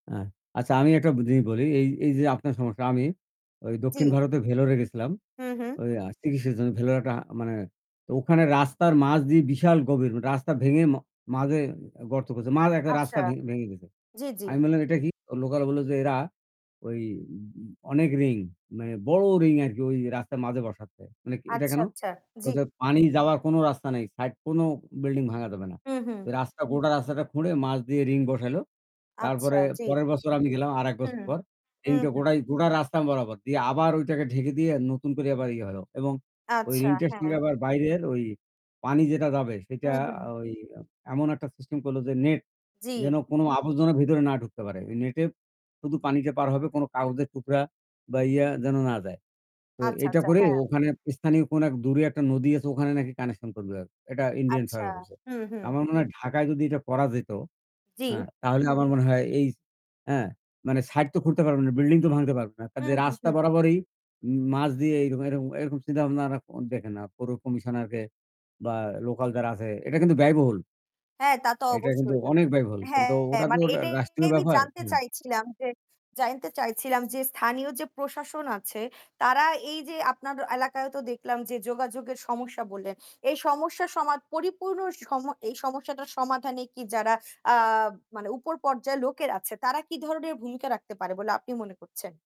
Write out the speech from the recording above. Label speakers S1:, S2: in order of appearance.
S1: আ আচ্ছা, আমি একটা বি জিনিস বলি। এই এইযে আপনার সমস্যা আমি ওই দক্ষিণ
S2: জি।
S1: ভারতে ভেলোরে গেছিলাম।
S2: হু, হুম।
S1: ওই আ চিকিৎসার জন্য ভেলোরে একটা আ মানে তো ওখানে রাস্তার মাঝ দিয়ে বিশাল গভীর রাস্তা ভেঙে ম মাঝে অ গর্ত করছে। মাঝে একটা রাস্তা
S2: আচ্ছা।
S1: ভেং ভেঙে গেছে।
S2: জি, জি।
S1: আমি বললাম, "এটা কি?" অ লোকাল বললো যে, এরা ওই উ উ অনেক ring মানে বড় ring আরকি ওই রাস্তার মাঝে বসাচ্ছে। মানে এটা
S2: আচ্ছা,
S1: কেন?
S2: আচ্ছা।
S1: বলে
S2: জি।
S1: যে, "পানি যাওয়ার কোনো রাস্তা নাই। সাইড কোনো বিল্ডিং ভাঙ্গা যাবে না।"
S2: হু, হুম।
S1: রাস্তা গোটা রাস্তাটা খুঁড়ে মাঝ দিয়ে ring বসাইলো।
S2: আচ্ছা।
S1: তারপরে
S2: জি।
S1: পরের বছর আমি গেলাম। আরেক বছর
S2: হুম,
S1: পর।
S2: হু,
S1: Ring টা
S2: হুম।
S1: গোটাই গোটা রাস্তা বরাবর দিয়ে আবার ওইটাকে ঢেকে দিয়ে নতুন করে আবার ইয়ে হলো এবং ওই
S2: আচ্ছা।
S1: ring টার
S2: হ্যাঁ।
S1: সঙ্গে আবার বাইরের ওই পানি যেটা যাবে সেটা
S2: হুম, হুম।
S1: ওই এমন একটা system করলো যে net,
S2: জি।
S1: যেন কোনো আবর্জনা ভেতরে না ঢুকতে পারে। ওই net এ শুধু পানিটা পার হবে কোনো কাগজের টুকরা বা ইয়া যেন না যায়। তো
S2: আচ্ছা,
S1: এইটা
S2: আচ্ছা।
S1: করে
S2: হ্যাঁ।
S1: ওখানে স্থানীয় কোন এক দূরে একটা নদী আছে ওখানে নাকি connection করবে। এটা ইন্ডিয়ান
S2: আচ্ছা।
S1: সরকার করছে।
S2: হুম, হুম।
S1: আমার মনে হয় ঢাকায় যদি এটা করা যেত
S2: জি।
S1: হ্যাঁ, তাহলে আমার মনে হয় এই হ্যাঁ, মানে সাইড তো খুঁড়তে পারবে না, বিল্ডিং তো ভাঙতে পারবে না।
S2: হু,
S1: কাজেই
S2: হু,
S1: রাস্তা
S2: হুম।
S1: বরাবরই এই উম মাঝ দিয়ে এরকম এরকম চিন্তা-ভাবনা আরা দেখে না, পৌর কমিশনারকে বা লোকাল যারা আছে এটা কিন্তু ব্যয়বহুল।
S2: হ্যাঁ, তা তো
S1: এটা কিন্তু
S2: অবশ্যই।
S1: অনেক ব্যয়বহুল। কিন্তু
S2: হ্যাঁ,
S1: ওটা তো
S2: মানে
S1: রা
S2: এটাই
S1: রাষ্ট্রীয়
S2: আমি
S1: ব্যাপার।
S2: জানতে
S1: হ্যাঁ।
S2: চাইছিলাম যে জানতে চাইছিলাম যে স্থানীয় যে প্রশাসন আছে তারা এইযে আপনার এলাকায়ও তো দেখলাম যে যোগাযোগের সমস্যা বললেন। এই সমস্যা সমাদ পরিপূর্ণ সম এই সমস্যাটার সমাধানে কি যারা আ মানে উপর পর্যায়ের লোকের আছে তারা কি ধরনের ভূমিকা রাখতে পারে বলে আপনি মনে করছেন?